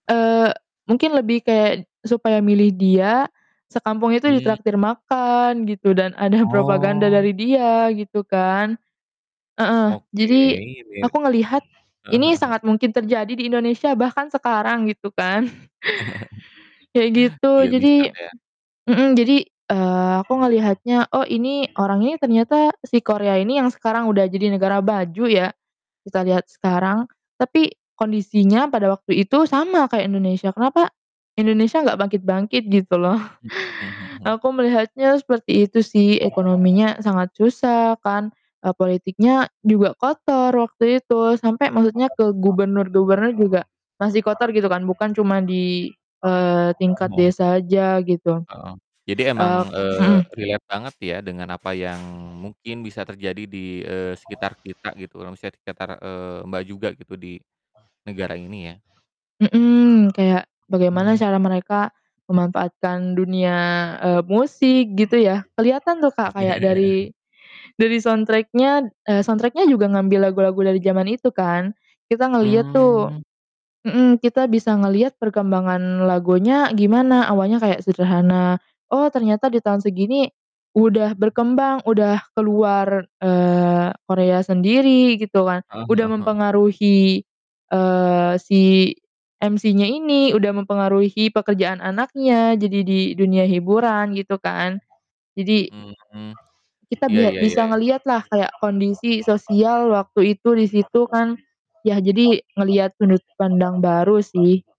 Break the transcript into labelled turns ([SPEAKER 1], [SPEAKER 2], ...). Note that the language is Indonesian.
[SPEAKER 1] Eee, mungkin lebih kayak supaya milih dia, sekampung itu
[SPEAKER 2] Iya.
[SPEAKER 1] ditraktir makan gitu dan ada propaganda
[SPEAKER 2] Oh.
[SPEAKER 1] dari dia gitu kan. Heeh.
[SPEAKER 2] Oke,
[SPEAKER 1] Jadi
[SPEAKER 2] biar heeh
[SPEAKER 1] aku ngelihat
[SPEAKER 2] heeh
[SPEAKER 1] ini
[SPEAKER 2] heeh.
[SPEAKER 1] sangat mungkin terjadi di Indonesia bahkan sekarang gitu kan. Kayak gitu
[SPEAKER 2] Iya
[SPEAKER 1] jadi
[SPEAKER 2] bisa ya.
[SPEAKER 1] mhm, jadi, eee, aku ngelihatnya, "Oh, ini orang ini tuh ternyata" si Korea ini yang sekarang udah jadi negara baju ya, kita lihat sekarang, "tapi kondisinya pada waktu itu sama kayak Indonesia. Kenapa Indonesia gak bangkit-bangkit gitu loh?"
[SPEAKER 2] Mhm mhm mhm mhm.
[SPEAKER 1] Aku melihatnya seperti itu sih. Ekonominya sangat susah kan, eee, politiknya juga kotor waktu itu sampai maksudnya ke gubernur-gubernur juga masih kotor gitu kan, bukan cuma di, eee,
[SPEAKER 2] Oh,
[SPEAKER 1] tingkat
[SPEAKER 2] heeh.
[SPEAKER 1] desa aja gitu.
[SPEAKER 2] Heeh. Jadi emang,
[SPEAKER 1] Ek
[SPEAKER 2] eee,
[SPEAKER 1] mhm.
[SPEAKER 2] relate banget ya dengan apa yang mungkin bisa terjadi di, eee, sekitar kita gitu, eee, maksudnya tuh sekitar, eee, Mbak, juga gitu di negara ini ya.
[SPEAKER 1] Mhm. Kayak bagaimana
[SPEAKER 2] Mmm.
[SPEAKER 1] cara mereka memanfaatkan dunia, eee, musik gitu ya. Keliatan tuh, Kak, kayak dari
[SPEAKER 2] Iya.
[SPEAKER 1] dari soundtrack-nya, eee, soundtrack-nya, juga ngambil lagu-lagu dari zaman itu kan, kita ngeliat tuh
[SPEAKER 2] Mmm.
[SPEAKER 1] mhm, kita bisa ngeliat perkembangan lagunya gimana, awalnya kayak sederhana, oh, ternyata di tahun segini udah berkembang, uda ke luar, eee, Korea sendiri, gitu kan,
[SPEAKER 2] Heeh
[SPEAKER 1] udah
[SPEAKER 2] heeh heeh.
[SPEAKER 1] mempengaruhi, eee, si MC-nya ini, udah mempengaruhi pekerjaan anaknya jadi di dunia hiburan, gitu kan, jadi,
[SPEAKER 2] Mhm.
[SPEAKER 1] kita
[SPEAKER 2] Iya
[SPEAKER 1] bia
[SPEAKER 2] iya iya
[SPEAKER 1] bisa
[SPEAKER 2] iya.
[SPEAKER 1] ngelihatlah kayak kondisi sosial waktu itu di situ kan. Yah jadi ngelihat sudut pandang baru sih.